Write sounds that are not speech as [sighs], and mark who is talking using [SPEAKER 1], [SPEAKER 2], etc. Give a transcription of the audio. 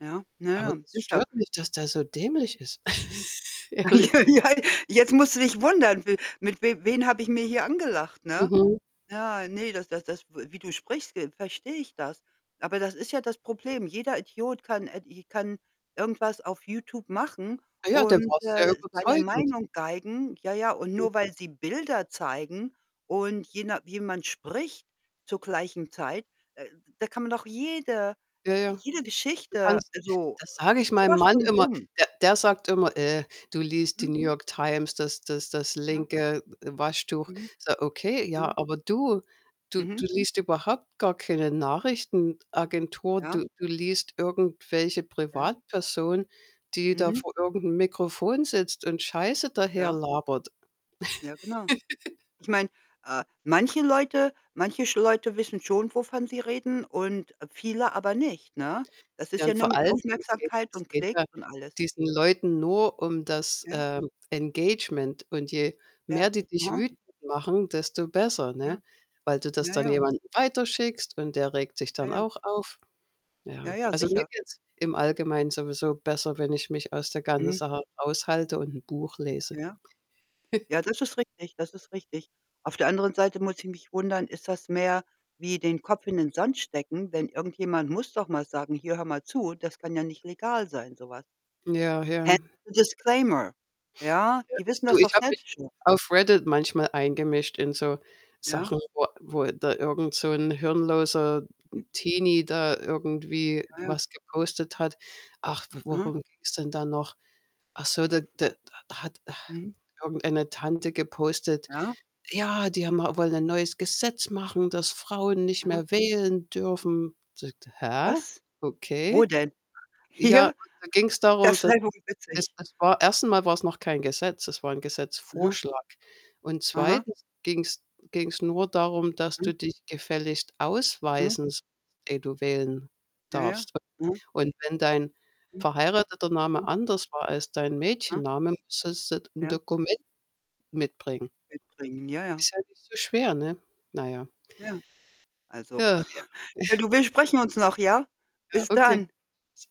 [SPEAKER 1] Ja. Na
[SPEAKER 2] Aber
[SPEAKER 1] ja,
[SPEAKER 2] das
[SPEAKER 1] sicher.
[SPEAKER 2] stört mich, dass der so dämlich ist.
[SPEAKER 1] Mhm.
[SPEAKER 2] [laughs] Ehrlich.
[SPEAKER 1] [laughs] Ja.
[SPEAKER 2] [unintelligible]
[SPEAKER 1] Jetzt musst du dich wundern, w mit w wen habe ich mir hier angelacht, ne?
[SPEAKER 2] Mhm.
[SPEAKER 1] Ja, ne, das das das w wie du sprichst, ve verstehe ich das. Aber das ist ja das Problem. Jeder Idiot kann ed i kann irgendwas auf YouTube machen
[SPEAKER 2] Ah ja, dann
[SPEAKER 1] und,
[SPEAKER 2] warst du ja
[SPEAKER 1] äh, seine
[SPEAKER 2] überzeugend.
[SPEAKER 1] Meinung geigen. Ja, ja, und
[SPEAKER 2] Mhm.
[SPEAKER 1] nur weil sie Bilder zeigen und je na jemand spricht zur gleichen Zeit, da da kann man doch jede
[SPEAKER 2] Ja, ja.
[SPEAKER 1] jede
[SPEAKER 2] Du
[SPEAKER 1] Geschichte
[SPEAKER 2] kannst
[SPEAKER 1] also,
[SPEAKER 2] das sage ich
[SPEAKER 1] so
[SPEAKER 2] meinem
[SPEAKER 1] was
[SPEAKER 2] Mann
[SPEAKER 1] von
[SPEAKER 2] immer,
[SPEAKER 1] dumm.
[SPEAKER 2] der der sagt immer: „Äh, du liest die
[SPEAKER 1] Mhm.
[SPEAKER 2] New York Times, das das das
[SPEAKER 1] Ja.
[SPEAKER 2] linke W Waschtuch.“
[SPEAKER 1] Mhm.
[SPEAKER 2] Sage: „Okay, ja,
[SPEAKER 1] Aha.
[SPEAKER 2] aber du du
[SPEAKER 1] Mhm.
[SPEAKER 2] du liest überhaupt gar keine Nachrichtenagentur.
[SPEAKER 1] Ja.
[SPEAKER 2] Du Du liest irgendwelche
[SPEAKER 1] Ja.
[SPEAKER 2] Privatpersonen, die da
[SPEAKER 1] Mhm.
[SPEAKER 2] vor irgend 'nem Mikrofon sitzt und Scheiße daher
[SPEAKER 1] Ja.
[SPEAKER 2] labert.“
[SPEAKER 1] Ja, genau.
[SPEAKER 2] [laughs]
[SPEAKER 1] Ich meine, äh, manche Leute manche sch Leute wissen schon, wovon sie reden und viele aber nicht, ne? Das
[SPEAKER 2] Ja,
[SPEAKER 1] ist ja
[SPEAKER 2] und
[SPEAKER 1] nur
[SPEAKER 2] vor
[SPEAKER 1] mit
[SPEAKER 2] allen Dingen, es geht
[SPEAKER 1] Aufmerksamkeit
[SPEAKER 2] es
[SPEAKER 1] und
[SPEAKER 2] geht ja
[SPEAKER 1] Klicks und alles.
[SPEAKER 2] diesen Leuten nur um das,
[SPEAKER 1] Ja.
[SPEAKER 2] ähm, Engagement und je
[SPEAKER 1] Ja.
[SPEAKER 2] mehr die dich
[SPEAKER 1] Aha.
[SPEAKER 2] wütend machen, desto besser, ne?
[SPEAKER 1] Ja.
[SPEAKER 2] Weil du das
[SPEAKER 1] Ja,
[SPEAKER 2] dann
[SPEAKER 1] ja.
[SPEAKER 2] jemandem weiterschickst und der regt sich
[SPEAKER 1] Ja,
[SPEAKER 2] dann
[SPEAKER 1] ja.
[SPEAKER 2] auch auf.
[SPEAKER 1] Ja,
[SPEAKER 2] Ja.
[SPEAKER 1] ja,
[SPEAKER 2] Also, mir
[SPEAKER 1] sicher.
[SPEAKER 2] geht's im Allgemeinen sowieso besser, wenn ich mich aus der ganzen
[SPEAKER 1] Mhm.
[SPEAKER 2] Sache raushalte und 'n Buch lese.
[SPEAKER 1] Ja.
[SPEAKER 2] [chuckles]
[SPEAKER 1] Ja, das ist richtig, das ist richtig. Auf der anderen Seite muss ich mich wundern, ist das mehr wie den Kopf in den Sand stecken, wenn irgendjemand muss doch mal sagen: „Hier hör mal zu, das kann ja nicht legal sein, so was.“
[SPEAKER 2] Ja,
[SPEAKER 1] Hä?
[SPEAKER 2] ja.
[SPEAKER 1] So Disclaimer. Ja.
[SPEAKER 2] Ja,
[SPEAKER 1] Die
[SPEAKER 2] ich
[SPEAKER 1] wissen
[SPEAKER 2] du,
[SPEAKER 1] das
[SPEAKER 2] ich
[SPEAKER 1] doch
[SPEAKER 2] habe mich
[SPEAKER 1] selbst schon.
[SPEAKER 2] auf Reddit manchmal eingemischt in so
[SPEAKER 1] Ja.
[SPEAKER 2] Sachen, wo wo da irgend so 'n hirnloser,
[SPEAKER 1] Mhm.
[SPEAKER 2] hm, Teenie da irgendwie
[SPEAKER 1] Ja, ja.
[SPEAKER 2] was gepostet hat. Ach, w
[SPEAKER 1] Mhm.
[SPEAKER 2] worum ging's denn da noch? Ach so, d d d da hat [sighs]
[SPEAKER 1] Mhm.
[SPEAKER 2] irgendeine Tante gepostet:
[SPEAKER 1] Ja.
[SPEAKER 2] „Ja, die haben a wollen ein neues Gesetz
[SPEAKER 1] Mhm.
[SPEAKER 2] machen, dass Frauen nicht
[SPEAKER 1] Mhm.
[SPEAKER 2] mehr wählen dürfen.“ Sagte: „Hä?
[SPEAKER 1] Was? Wo
[SPEAKER 2] Okay.“
[SPEAKER 1] denn?
[SPEAKER 2] Ja aber
[SPEAKER 1] Hier?
[SPEAKER 2] da ging's darum,
[SPEAKER 1] Das
[SPEAKER 2] dass
[SPEAKER 1] wäre wohl
[SPEAKER 2] es
[SPEAKER 1] witzig.
[SPEAKER 2] das war erst einmal war's noch kein Gesetz, es war 'n
[SPEAKER 1] Aha.
[SPEAKER 2] Gesetzvorschlag und
[SPEAKER 1] Aha.
[SPEAKER 2] 2. ging's ging's nur darum, dass
[SPEAKER 1] Mhm.
[SPEAKER 2] du dich gefälligst
[SPEAKER 1] Mhm.
[SPEAKER 2] ausweisen sollst, ehe du wählen
[SPEAKER 1] Ja, ja.
[SPEAKER 2] darfst
[SPEAKER 1] Mhm.
[SPEAKER 2] [unintelligible] und wenn dein
[SPEAKER 1] Mhm.
[SPEAKER 2] verheirateter Name
[SPEAKER 1] Mhm.
[SPEAKER 2] anders war als dein
[SPEAKER 1] Ah.
[SPEAKER 2] Mädchennamen, sollst du 'n
[SPEAKER 1] Ja.
[SPEAKER 2] Dokument mitbringen.
[SPEAKER 1] Mitbringen. Ja, ja.
[SPEAKER 2] Ist ja nicht so schwer, ne? Na ja.
[SPEAKER 1] Ja. Also
[SPEAKER 2] Ja, ja.
[SPEAKER 1] [chuckles] ja
[SPEAKER 2] [chuckles]
[SPEAKER 1] du, wir sprechen uns noch, ja?
[SPEAKER 2] Ja,
[SPEAKER 1] Bis
[SPEAKER 2] okay.
[SPEAKER 1] dann.
[SPEAKER 2] [unintelligible]